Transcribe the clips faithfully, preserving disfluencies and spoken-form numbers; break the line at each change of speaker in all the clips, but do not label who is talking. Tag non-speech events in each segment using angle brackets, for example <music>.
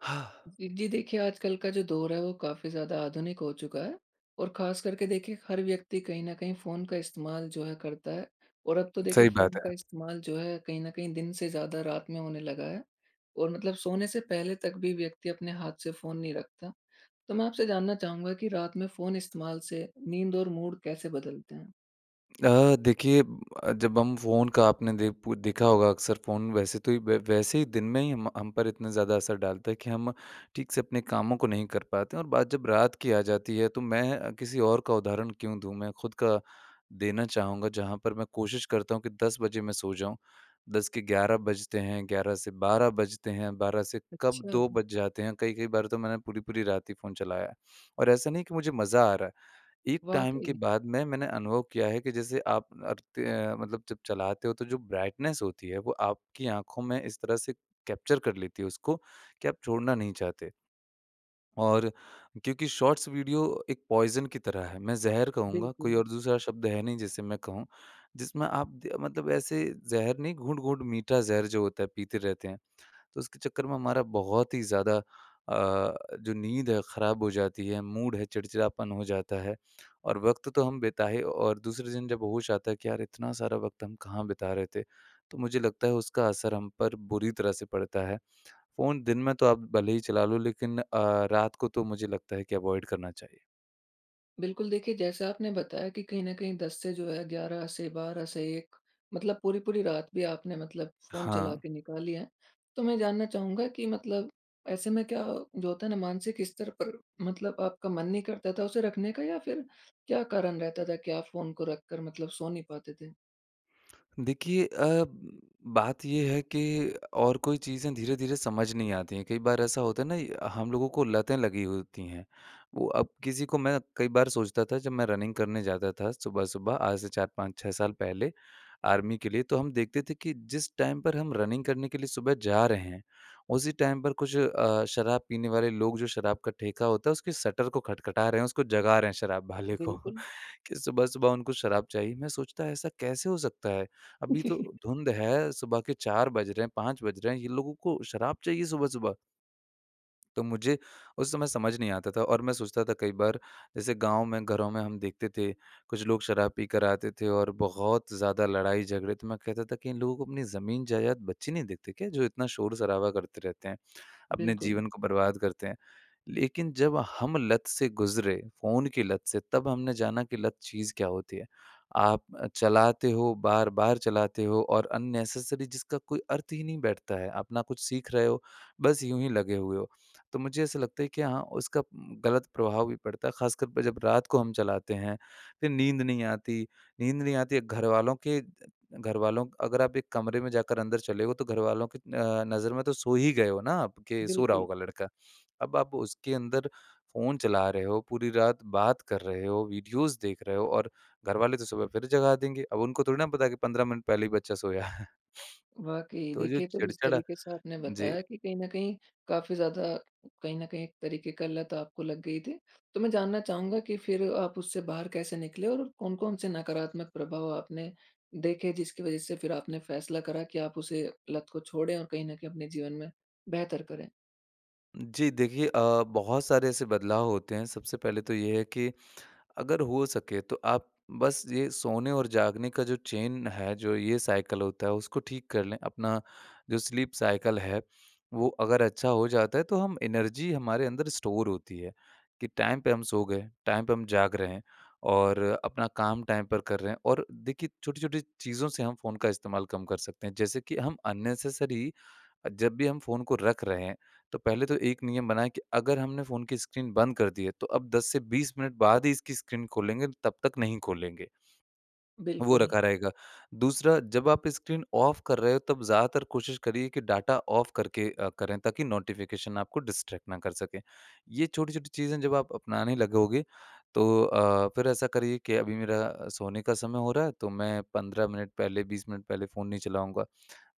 <exhales>
फिर जी देखिए, आजकल का जो दौर है वो काफ़ी ज़्यादा आधुनिक हो चुका है। और ख़ास करके देखिए हर व्यक्ति कहीं न कहीं फ़ोन, का इस्तेमाल जो है करता है। और अब तो देखिए
सही
फ़ोन
बात
का
है।
इस्तेमाल जो है, कहीं न कहीं दिन से ज़्यादा, रात में होने लगा है। और मतलब सोने से पहले तक भी व्यक्ति अपने हाथ से फ़ोन नहीं रखता। तो मैं आपसे जानना चाहूँगा कि रात में फ़ोन इस्तेमाल से नींद और मूड कैसे बदलते हैं?
अ, देखिए अ, जब हम फ़ोन का आपने देख पू देखा होगा अक्सर फ़ोन वैसे तो ये व वैसे दिन में ही हम हम पर इतना ज़्यादा असर डालता है कि हम, ठीक से अपने कामों को नहीं कर पाते हैं और बात जब रात की आ जाती है, तो मैं किसी और का उदाहरण क्यों दूँ? मैं खुद का देना चाहूँगा। जहाँ पर मैं कोशिश करता हूँ कि दस बजे मैं सो जाऊँ। दस के ग्यारह बजते हैं, ग्यारह से बारह बजते हैं, बारह से कब दो
अच्छा।
बज जाते हैं। कई-कई बार तो मैंने पूरी-पूरी रात ही फ़ोन चलाया है, और ऐसा नहीं है कि मुझे मज़ा आ रहा है। एक टाइम के
वाक़ई।
बाद में मैंने अनुभव किया है कि जैसे आप अरते हैं मतलब जब चलाते हो, तो जो ब्राइटनेस होती है वो आपकी आँखों में इस तरह से कैप्चर कर लेती है उसको कि आप छोड़ना नहीं चाहते हो। और क्योंकि शॉर्ट्स वीडियो एक पॉइज़न की तरह है। मैं ज़हर कहूँगा कोई
बिल्कुल।
और दूसरा शब्द है नहीं जिसे मैं कहूँ। जिसमें आप द अ, मतलब ऐसे ज़हर नहीं घूँट-घूँट मीठा ज़हर जो होता है, पीते रहते हैं। तो उसके चक्कर में हमारा बहुत ही ज़्यादा अ, जो नींद है ख़राब हो जाती है मूड है चिड़चिड़ापन हो जाता है, और वक़्त तो हम बिता ही और दूसरे दिन जब होश आता है कि यार इतना सारा वक़्त हम कहाँ बिता रहे थे? तो मुझे लगता है उसका असर हम पर बुरी तरह से पड़ता है। फ़ोन दिन में तो आप भले ही चला लो लेकिन अ, रात को तो मुझे लगता है कि अवॉइड करना चाहिए।
बिल्कुल देखिए जैसा आपने बताया कि कहीं न कहीं दस से जो है ग्यारह से बारह से एक मतलब पूरी-पूरी रात भी आपने मतलब फ़ोन
हाँ।
चला के निकाली है। तो मैं जानना चाहूँगा कि मतलब ऐसे में क्या जो होता है ना मानसिक स्तर <hiccups> पर मतलब आपका मन नहीं करता था उसे रखने का या फिर क्या कारण रहता था कि आप फ़ोन को रख कर मतलब सो नहीं पाते थे?
देखिए अ, बात ये है कि और कोई चीज़ें धीरे-धीरे समझ नहीं आती है, कई बार ऐसा होता है ना हम लोगों को लतें लगी हुई होती हैं। वो अब किसी को मैं कई बार सोचता था जब मैं रनिंग करने जाता था सुबह-सुबह आज से चार पाँच छह साल पहले आर्मी के लिए, तो हम देखते थे कि जिस टाइम पर हम रनिंग करने के लिए सुबह जा रहे हैं, उसी टाइम पर कुछ अ, शराब पीने वाले लोग जो शराब का ठेका होता है उसके शटर को खटखटा रहे हैं, उसको जगा रहे हैं शराब वाले को, <chuckles>
बिल्कुल।
कि सुबह-सुबह उनको शराब चाहिए। मैं सोचता ऐसा कैसे हो सकता है? अभी तो
<laughs>
धुंध है, सुबह के चार बज रहे हैं पाँच बज रहे हैं, ये लोगों को शराब चाहिए सुबह-सुबह। तो मुझे उस समय समझ नहीं आता था, और मैं सोचता था कई बार जैसे गाँव में घरों में हम देखते थे। कुछ लोग शराब पी कर आते थे और बहुत ज़्यादा लड़ाई-झगड़े तो मैं कहता था कि इन लोगों को अपनी ज़मीन जायदात बच्चे नहीं देखते क्या जो इतना शोर-शराबा करते रहते हैं? अपने
बिल्कुल।
जीवन को बर्बाद करते हैं। लेकिन जब हम लत से गुजरे, फ़ोन की लत से, तब हमने जाना कि लत चीज़ क्या होती है। आप चलाते हो बार-बार चलाते हो और अननेसेसरी जिसका कोई अर्थ ही नहीं बैठता है, अपना कुछ सीख रहे हो बस यूँ ही लगे हुए हो। तो मुझे ऐसा लगता है कि हाँ उसका उ गलत प्रभाव भी पड़ता है। ख़ासकर पर जब रात को हम चलाते हैं, फिर नींद नहीं आती, नींद नहीं आती घरवालों के घरवालों अगर आप एक कमरे में जाकर अंदर चले हो तो घरवालों की अ, नज़र में तो सो ही गए हो ना आप कि सो रहा
बिल्कुल।
होगा लड़का। अब आप उसके अंदर फ़ोन चला रहे हो पूरी रात बात कर रहे हो वीडियोज़ देख रहे हो और घरवाले तो सुबह फिर जगा देंगे, अब उनको थोड़ी ना पता है कि पंद्रह मिनट पहले ही बच्चा सोया है।
वाक़ई।
तो जो
देखिए तो इस
चिड़चड़
तरीके से आपने
जी।
बताया कि कहीं न कहीं काफ़ी ज़्यादा कहीं न कहीं एक तरीके का लत आपको लग गई थी, तो मैं जानना चाहूँगा कि फिर आप उससे बाहर कैसे निकले, और कौन-कौन से नकारात्मक प्रभाव आपने देखे जिसकी वज़ह से फिर आपने फैसला करा कि आप उसे लत को छोड़ें और कहीं न कहीं अपने जीवन में बेहतर करें?
जी। देखिए अ, बहुत सारे ऐसे बदलाव होते हैं सबसे पहले तो ये है कि अगर हो सके तो आप बस ये सोने और जागने का जो चेन है जो ये साइकल होता है उसको ठीक कर लें। अपना जो स्लीप साइकिल है वो अगर अच्छा हो जाता है तो हम एनर्जी हमारे अंदर स्टोर होती है, कि टाइम पे हम सो गए टाइम पे हम जाग रहे हैं और अपना काम टाइम पर कर रहे हैं। और देखिए छोटी-छोटी चीज़ों से हम फ़ोन का इस्तेमाल कम कर सकते हैं। जैसे कि हम अननेसेसरी अ, जब भी हम फ़ोन को रख रहे हैं तो पहले तो एक नियम बना है कि अगर हमने फ़ोन की स्क्रीन बंद कर दी है तो अब दस से बीस मिनट बाद ही इसकी स्क्रीन खोलेंगे तब तक नहीं खोलेंगे। वो
बिल्कुल।
रखा रहेगा। दूसरा जब आप स्क्रीन ऑफ़ कर रहे हो तब ज़्यादातर कोशिश करिए कि डाटा ऑफ़ करके अ, करें ताकि नोटिफ़िकेशन आपको डिस्ट्रैक्ट ना कर सकें। ये छोटी-छोटी चीज़ें जब आप अपनाने लगोगे तो अ, फ़िर ऐसा करिए कि अभी मेरा सोने का समय हो रहा है तो मैं पंद्रह मिनट पहले बीस मिनट पहले फ़ोन नहीं चलाऊँगा।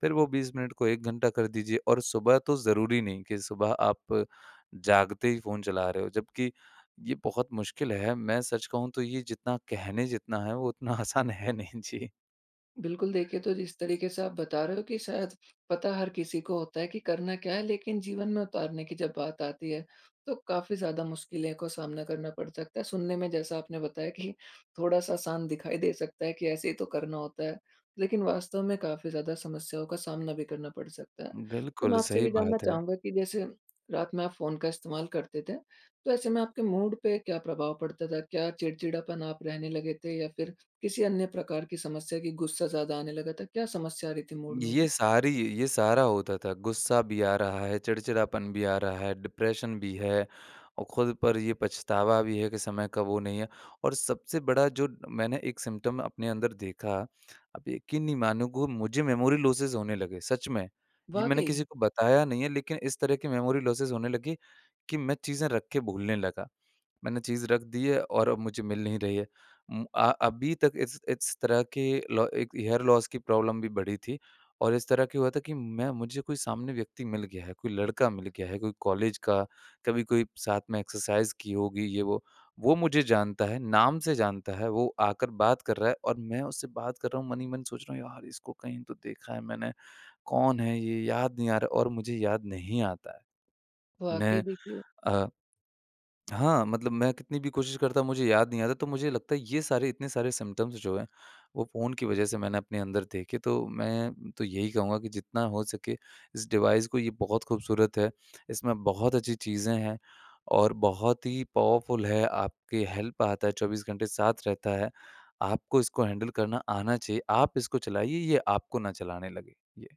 फ़िर वो बीस मिनट को एक घंटा कर दीजिए और सुबह तो ज़रूरी नहीं कि सुबह आप जागते ही फ़ोन चला रहे हो जबकि ये बहुत मुश्किल है। मैं सच कहूँ तो ये जितना कहने जितना है वो उतना आसान है नहीं। जी।
बिल्कुल, देखिए तो जिस तरीके से आप बता रहे हो कि शायद पता हर किसी को होता है कि करना क्या है लेकिन जीवन में उतारने की जब बात आती है, तो काफ़ी ज़्यादा मुश्किलें काे सामना करना पड़ सकता है। सुनने में जैसा आपने बताया कि थोड़ा-सा शांत दिखाई दे सकता है कि ऐसे ही तो करना होता है, लेकिन वास्तव में काफ़ी ज़्यादा समस्याओं का सामना भी करना पड़ सकता है। तो मैं
बिल्कुल,
आपसे ये
सही
भी जानना
बात है।
चाहूँगा कि जैसे रात में आप फ़ोन का इस्तेमाल करते थे, तो ऐसे में आपके मूड पे क्या प्रभाव पड़ता था? क्या चिड़चिड़ापन आप रहने लगे थे या फिर किसी अन्य प्रकार की समस्या की गुस्सा ज़्यादा आने लगा था? क्या समस्या आ रही थी मूड में
ये
भी?
सारी ये सारा होता था, गुस्सा भी आ रहा है चिड़चिड़ापन भी आ रहा है डिप्रेशन भी है, और खुद पर ये पछतावा भी है कि समय का वो नहीं है। और सबसे बड़ा जो मैंने एक सिम्पटम अपने अंदर देखा। आप यकीन नहीं मानोगे मुझे मेमोरी लॉसेस होने लगे, सच में। ये मैंने
वाक़ई।
किसी को बताया नहीं है लेकिन इस तरह के मेमोरी लॉसेस होने लगे कि मैं चीज़ें रख के भूलने लगा। मैंने चीज़ रख दी है और अब मुझे मिल नहीं रही है। उम आ अभी तक इस इस तरह के लो एक हेयर लॉस की प्रॉब्लम भी बढ़ी थी, और इस तरह क्या हुआ था कि मैं मुझे कोई सामने व्यक्ति मिल गया है, कोई लड़का मिल गया है, कोई कॉलेज का, कभी कोई साथ में एक्सरसाइज़ की होगी ये वो। वो मुझे जानता है, नाम से जानता है, वो आकर बात कर रहा है और मैं उससे बात कर रहा हूँ मन ही मन सोच रहा हूँ यार इसको कहीं तो देखा है मैंने, कौन है ये याद नहीं आ रहा और मुझे याद नहीं आता है।
वाक़ई
मैं
देखिए
अ, <smacks lips> हाँ मतलब मैं कितनी भी कोशिश करता हूँ मुझे याद नहीं आता है तो मुझे लगता है ये सारे इतने सारे सिम्पटम्स जो हैं वो फ़ोन की वज़ह से मैंने अपने अंदर देखे, तो मैं तो यही कहूँगा कि जितना हो सके इस डिवाइस को ये बहुत खूबसूरत है, इसमें बहुत अच्छी चीज़ें हैं और बहुत ही पावरफुल है, आपके हेल्प आता है चौबीस घंटे साथ रहता है। आपको इसको हैंडल करना आना चाहिए। आप इसको चलाइए ये आपको न चलाने लगे। ये।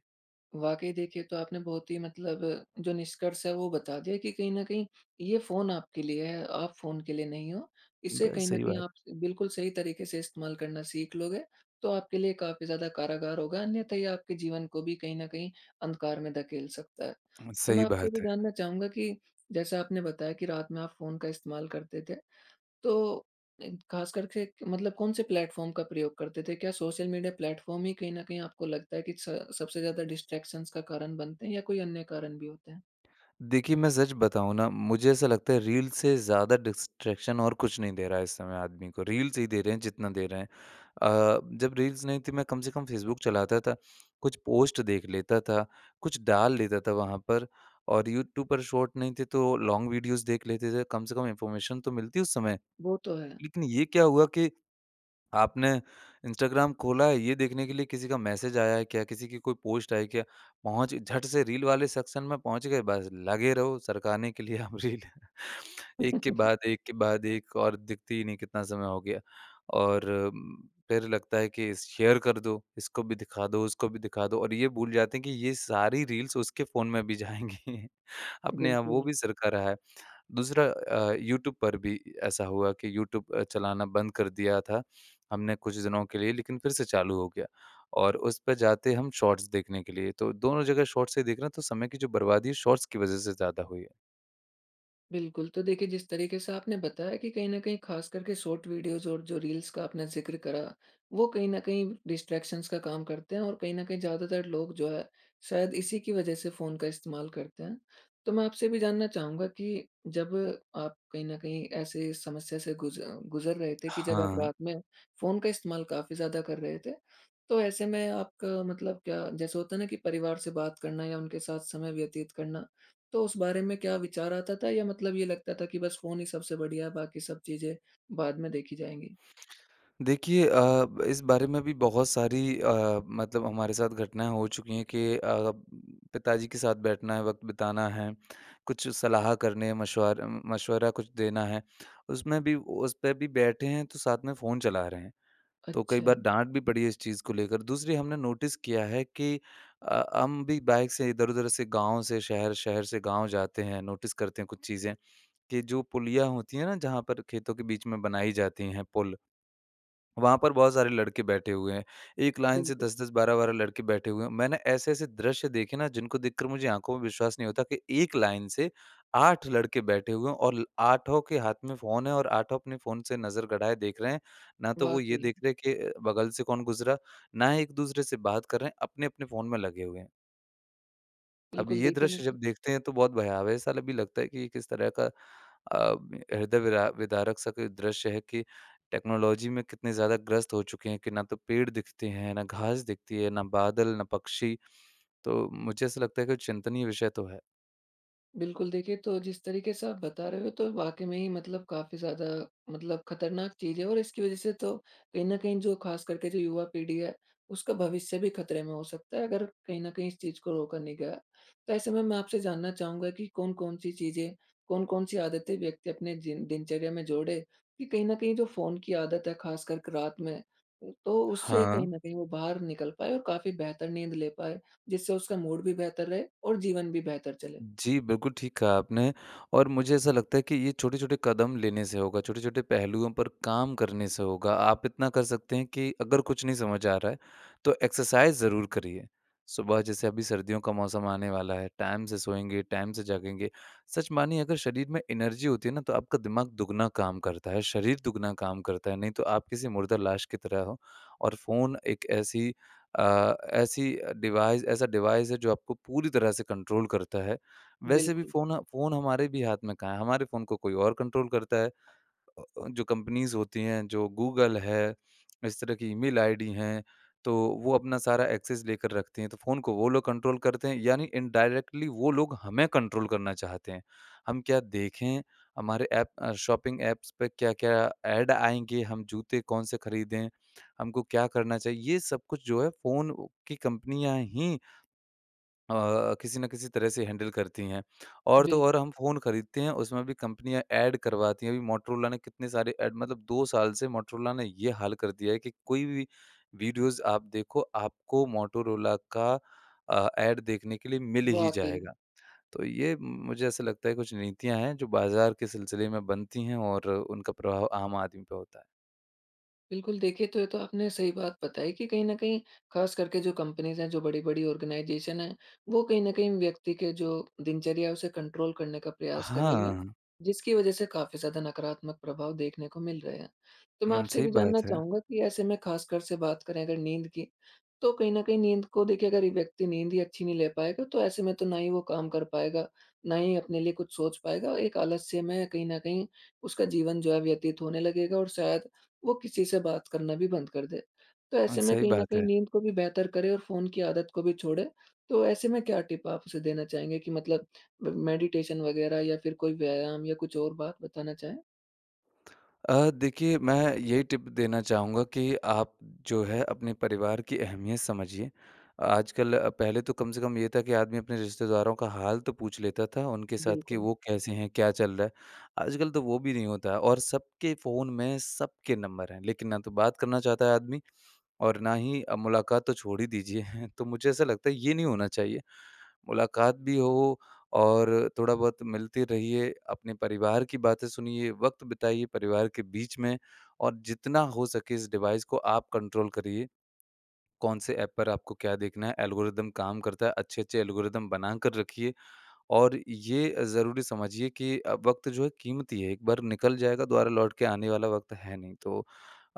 वाक़ई देखिए तो आपने बहुत ही मतलब जो निष्कर्ष है वो बता दिया कि कहीं न कहीं ये फ़ोन आपके लिए है, आप फ़ोन के लिए नहीं हो। इसे
ब
कहीं न
सही
कहीं
बात।
आप स बिल्कुल सही तरीके से इस्तेमाल करना सीख लोगे तो आपके लिए काफ़ी ज़्यादा कारागार होगा अन्यथा ये आपके जीवन को भी कहीं न कहीं अंधकार में धकेल सकता है।
उम,
तो मैं
सही
आपसे ये भी
बात है।
जानना चाहूँगा कि जैसा आपने बताया कि रात में आप फ़ोन का इस्तेमाल करते थे। तो अ, ख़ासकर के क मतलब कौन-से प्लेटफ़ॉर्म का प्रयोग करते थे? क्या सोशल मीडिया प्लेटफ़ॉर्म ही कहीं न कहीं आपको लगता है कि स सबसे ज़्यादा डिस्ट्रैक्शन्स का कारण बनते हैं या कोई अन्य कारण भी होते हैं?
देखिए, मैं सच बताऊँ ना? मुझे ऐसा लगता है रील्स से ज़्यादा डिस्ट्रैक्शन और कुछ नहीं दे रहा है इस समय आदमी को। रील्स ही दे रहे हैं जितना दे रहे हैं। अ, जब रील्स नहीं थी मैं कम से कम फ़ेसबुक चलाता था कुछ पोस्ट देख लेता था, कुछ डाल लेता था वहाँ पर। और यूट्यूब पर शॉर्ट नहीं थे तो लॉन्ग वीडियोज़ देख लेते थे। कम से कम इन्फ़ॉर्मेशन तो मिलती उस समय।
वो तो है।
लेकिन ये क्या हुआ कि आपने इंस्टाग्राम खोला है ये देखने के लिए किसी का मैसेज आया है क्या? किसी की कोई पोस्ट आई है क्या? पहुँच झट से रील वाले सेक्शन में पहुँच गए। बस लगे रहो सरकाने के लिए अब रील। <chuckles> एक के
<laughs>
बाद एक के बाद एक और दिखती ही नहीं कितना समय हो गया। और फ़िर लगता है कि स शेयर कर दो। इसको भी दिखा दो उसको भी दिखा दो और ये भूल जाते हैं कि ये सारी रील्स उसके फ़ोन में भी जाएँगी। अपने यहाँ वो
बिल्कुल।
भी सरका रहा है। दूसरा अ, यूट्यूब पर भी अ, ऐसा हुआ कि यूट्यूब अ, चलाना बंद कर दिया था हमने कुछ दिनों के लिए। लेकिन फ़िर से चालू हो गया और उसपे जाते हम शॉट्स देखने के लिए। तो दोनों जगह शॉट्स से देख रहा तो समय की जो बर्बादी है शॉट्स की वज़ह से ज़्यादा हुई है।
बिल्कुल। तो देखिए जिस तरीके से आपने बताया कि कहीं न कहीं ख़ास करके शॉर्ट वीडियोज़ और जो रील्स का आपने ज़िक्र करा, वो कहीं न कहीं डिस्ट्रैक्शंस का काम करते हैं और कहीं न कहीं ज़्यादातर लोग जो है शायद इसी की वज़ह से फ़ोन का इस्तेमाल करते हैं। तो मैं आपसे भी जानना चाहूँगा कि जब आप कहीं न कहीं ऐसे इस समस्या से गुज़ गुज़र रहे थे कि जब आप
हाँ।
रात में फ़ोन का इस्तेमाल काफ़ी ज़्यादा कर रहे थे, तो ऐसे में आपका मतलब क्या जैसे होता है ना कि परिवार से बात करना या उनके साथ समय व्यतीत करना। तो उस बारे में क्या विचार आता था? या मतलब ये लगता था कि बस फ़ोन ही सबसे बढ़िया है बाकी सब चीज़ें बाद में देखी जाएँगी।
देखिए अ, इस बारे में भी बहुत सारी अ, मतलब हमारे साथ घटनाएँ हो चुकी हैं कि अ, पिताजी के साथ बैठना है वक़्त बिताना है कुछ सलाह करने मशवार उम, मशवरा कुछ देना है। उसमें भी उस पे भी बैठे हैं तो साथ में फ़ोन चला रहे हैं। तो कई बार
अच्छा।
डांट भी पड़ी है इस चीज़ को लेकर। दूसरी हमने नोटिस किया है कि अ अ, हम भी बाइक से इधर-उधर से गाँव से शहर, शहर से गाँव जाते हैं। नोटिस करते हैं कुछ चीज़ें, कि जो पुलियाँ होती हैं ना? जहाँ पर खेतों के बीच में बनाई जाती हैं पुल, वहाँ पर बहुत सारे लड़के बैठे हुए हैं। एक लाइन से
बिल्कुल।
दस दस बारह बारह लड़के बैठे हुए हैं। मैंने ऐसे-ऐसे दृश्य देखे ना जिनको देख कर मुझे आँखों में विश्वास नहीं होता कि एक लाइन से आठ लड़के बैठे हुए हैं और ल आठों के हाथ में फ़ोन है और आठों अपने फ़ोन से नज़र गड़ाए देख रहे हैं। ना तो वो ये
वाक़ई।
देख रहे हैं कि बगल से कौन गुजरा, ना एक-दूसरे से बात कर रहे हैं अपने-अपने फ़ोन में लगे हुए हैं। अब
बिल्कुल,
ये
देखिए
दृश्य
मतलब
जब देखते हैं तो बहुत भयावह-सा ल भी लगता है कि, ये किस तरह का अ, में हृदय विरा विदारक सा कोई दृश्य है कि, टेक्नोलॉजी में कितने ज़्यादा ग्रस्त हो चुके हैं कि ना तो पेड़ दिखते हैं, ना घास दिखती है, ना बादल, ना पक्षी। तो मुझे ऐसा लगता है कि चिंतनीय विषय तो है।
बिल्कुल। देखिए, तो जिस तरीके से आप बता रहे हो, तो वाक़ई में ही मतलब काफ़ी ज़्यादा मतलब खतरनाक चीज़ है और इसकी वजह से तो कहीं न कहीं जो खासकर के जो युवा पीढ़ी है, उसका भविष्य भी खतरे में हो सकता है, अगर कहीं न कहीं इस चीज़ को रोका नहीं गया। तो ऐसे में मैं आपसे जानना चाहूँगा कि कौन-कौन सी चीज़ें, कौन-कौन सी आदतें व्यक्ति अपने जिन दिनचर्या में जोड़े कि, कहीं न कहीं जो फ़ोन की आदत है खासकर क रात में, उ तो उससे कहीं
हाँ।
न कहीं वो बाहर निकल पाए और काफ़ी बेहतर नींद ले पाए, जिससे उसका मूड भी बेहतर रहे और जीवन भी बेहतर चले?
जी, बिल्कुल, ठीक कहा आपने। और मुझे ऐसा लगता है कि ये छोटे-छोटे कदम लेने से होगा, छोटे-छोटे पहलुओं पर काम करने से होगा, आप इतना कर सकते हैं कि, अगर कुछ नहीं समझ आ रहा है, तो एक्सरसाइज़ ज़रूर करिए। सुबह जैसे अभी सर्दियों का मौसम आने वाला है, टाइम से सोएँगे, टाइम से जागेंगे, सच मानिए अगर शरीर में एनर्जी होती है ना, तो आपका दिमाग दुगना काम करता है, शरीर दुगना काम करता है, नहीं तो आप किसी मुर्दा लाश की तरह हो। और फ़ोन एक ऐसी अ, ऐसी अ, डिवाइस ऐसा डिवाइस है जो आपको पूरी तरह से कंट्रोल करता है। वैसे भी
बिल्कुल।
फ़ोन फ़ोन हमारे भी हाथ में कहाँ है, हमारे फ़ोन को कोई और कंट्रोल करता है, जो कंपनीज़ होती हैं, जो गूगल है, इस तरह की ईमेल आईडी है, तो वो अपना सारा एक्सेस लेकर रखती हैं। तो फ़ोन को वो लोग कंट्रोल करते हैं, यानी इनडायरेक्टली वो लोग हमें कंट्रोल करना चाहते हैं। हम क्या देखें? हमारे ऐप अ, शॉपिंग ऐप्स पे क्या-क्या ऐड आएँगे? हम जूते कौन-से खरीदें? हमको क्या करना चाहिए? ये सब कुछ जो है फ़ोन की कंपनियाँ ही अ, किसी न किसी तरह से हैंडल करती हैं। और तो
बिल्क
और हम फ़ोन खरीदते हैं, उसमें भी कंपनियाँ ऐड करवाती है। अभी मोटोरोला ने कितने सारे ऐड मतलब दो साल से मोटोरोला ने ये हाल कर दिया है कि, कोई भी वीडियोज़ आप देखो, आपको मोटोरोला का अ, ऐड देखने के लिए मिल ही
वाक़ई।
जाएगा। तो ये मुझे ऐसा लगता है कुछ नीतियाँ हैं, जो बाज़ार के सिलसिले में बनती हैं और उनका प्रभाव आम आदमी पे होता है।
बिल्कुल। देखिए, तो ये तो आपने सही बात बताई कि कहीं न कहीं ख़ास करके जो कंपनीज़ हैं जो बड़ी-बड़ी ऑर्गनाइज़ेशन है वो कहीं न कहीं व्यक्ति के जो दिनचर्या है उसे कंट्रोल करने का प्रयास कर रही है
हाँ।
जिसकी वज़ह से काफ़ी ज़्यादा नकारात्मक प्रभाव देखने को मिल रहे हैं। तो मैं
उम,
आपसे ये
सही
भी जानना
बात है।
चाहूँगा कि ऐसे में ख़ासकर से बात करें अगर नींद की, तो कहीं न कहीं नींद को देखिए अगर ये व्यक्ति नींद ही अच्छी नहीं ले पाएगा तो ऐसे में तो ना ही वो काम कर पाएगा, ना ही अपने लिए कुछ सोच पाएगा और एक आलस्य में कहीं न कहीं उसका जीवन जो है व्यतीत होने लगेगा और शायद वो किसी से बात करना भी बंद कर दे। तो
हाँ,
ऐसे में
सही
कहीं न
बात
कहीं
है।
नींद को भी बेहतर करे और फ़ोन की आदत को भी छोड़े। तो ऐसे में क्या टिप आप उसे देना चाहेंगे कि मतलब म मेडिटेशन वग़ैरह या फ़िर कोई व्यायाम या कुछ और बात बताना चाहें?
<smacks lips> अ, देखिए मैं यही टिप देना चाहूँगा कि आप जो है अपने परिवार की अहमियत समझिए। आजकल अ, पहले तो कम से कम ये था कि आदमी अपने रिश्तेदारों का हाल तो पूछ लेता था उनके साथ कि
बिल्कुल।
वो कैसे हैं? क्या चल रहा है? आजकल तो वो भी नहीं होता है और सबके फ़ोन में सबके नंबर हैं। लेकिन ना तो बात करना चाहता है आदमी और ना ही अ, मुलाक़ात तो छोड़ ही दीजिए। <chuckles> तो मुझे ऐसा लगता है ये नहीं होना चाहिए। मुलाक़ात भी हो और थोड़ा बहुत मिलते रहिए। अपने परिवार की बातें सुनिए, वक़्त बिताइए परिवार के बीच में और जितना हो सके इस डिवाइस को आप कंट्रोल करिए। कौन-से ऐप पर आपको क्या देखना है एल्गोरिदम काम करता है अच्छे-अच्छे एल्गोरिदम बना कर रखिए। और ये ज़रूरी समझिए कि अ, वक़्त जो है कीमती है एक बार निकल जाएगा दोबारा लौट के आने वाला वक़्त है नहीं। तो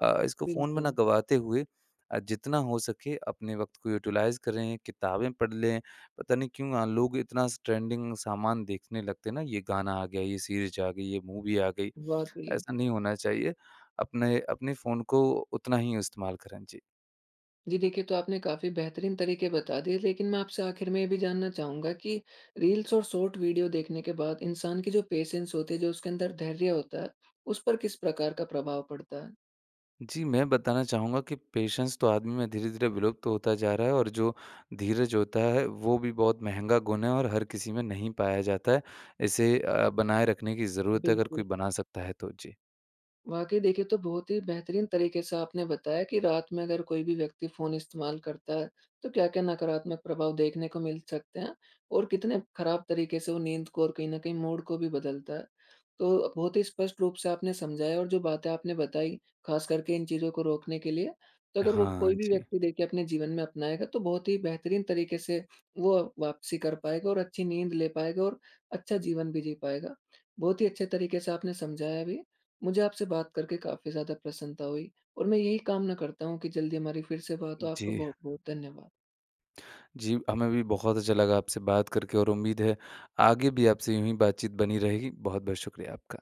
अ, इसको फ़ोन में ना
बिल्कुल।
गँवाते हुए अ, जितना हो सके अपने वक़्त को यूटिलाइज़ करें, किताबें पढ़ लें पता नहीं क्यों अ, लोग इतना स ट्रेंडिंग सामान देखने लगते हैं ना ये गाना आ गया, ये सीरीज़ आ गई, ये मूवी आ गई
वाक़ई।
ऐसा नहीं होना चाहिए। अपने, अपने फ़ोन को उतना ही इस्तेमाल करें। जी।
जी। देखिए तो आपने काफ़ी बेहतरीन तरीके बता दिए। लेकिन मैं आपसे आखिर में ये भी जानना चाहूँगा कि रील्स और शॉर्ट वीडियो देखने के बाद इंसान की जो पेशेंस होती है जो उसके अंदर धैर्य होता है उस पर किस प्रकार का प्रभाव पड़ता है?
जी। मैं बताना चाहूँगा कि पेशेंस तो आदमी में धीरे-धीरे विलुप्त होता जा रहा है और जो धीरज होता है वो भी बहुत महँगा गुण है और हर किसी में नहीं पाया जाता है। इसे अ, बनाए रखने की ज़रूरत है अगर
बिल्कुल।
कोई बना सकता है तो। जी।
वाक़ई। देखिए, ये तो बहुत ही बेहतरीन तरीके से आपने बताया कि रात में अगर कोई भी व्यक्ति फ़ोन इस्तेमाल करता है तो क्या-क्या नकारात्मक प्रभाव देखने को मिल सकते हैं और कितने ख़राब तरीके से वो नींद को और कहीं न कहीं मूड को भी बदलता है। तो अ, बहुत ही स्पष्ट रूप से आपने समझाया और जो बातें आपने बताई ख़ास करके इन चीज़ों को रोकने के लिए। तो अगर वो
हाँ
कोई भी
जी।
व्यक्ति देखिए अपने जीवन में अपनाएगा तो बहुत ही बेहतरीन तरीके से वो वापसी कर पाएगा और अच्छी नींद ले पाएगा और अच्छा जीवन भी जी पाएगा। बहुत ही अच्छे तरीके से आपने समझाया भी है। मुझे आपसे बात करके काफ़ी ज़्यादा प्रसन्नता हुई और मैं यही कामना करता हूँ कि जल्दी हमारी फ़िर से बात हो। आपको
जी।
बहुत-बहुत धन्यवाद।
जी। हमें भी बहुत अच्छा लगा आपसे बात करके और उम्मीद है आगे भी आपसे यूँ ही बातचीत बनी रहेगी। बहुत-बहुत शुक्रिया आपका।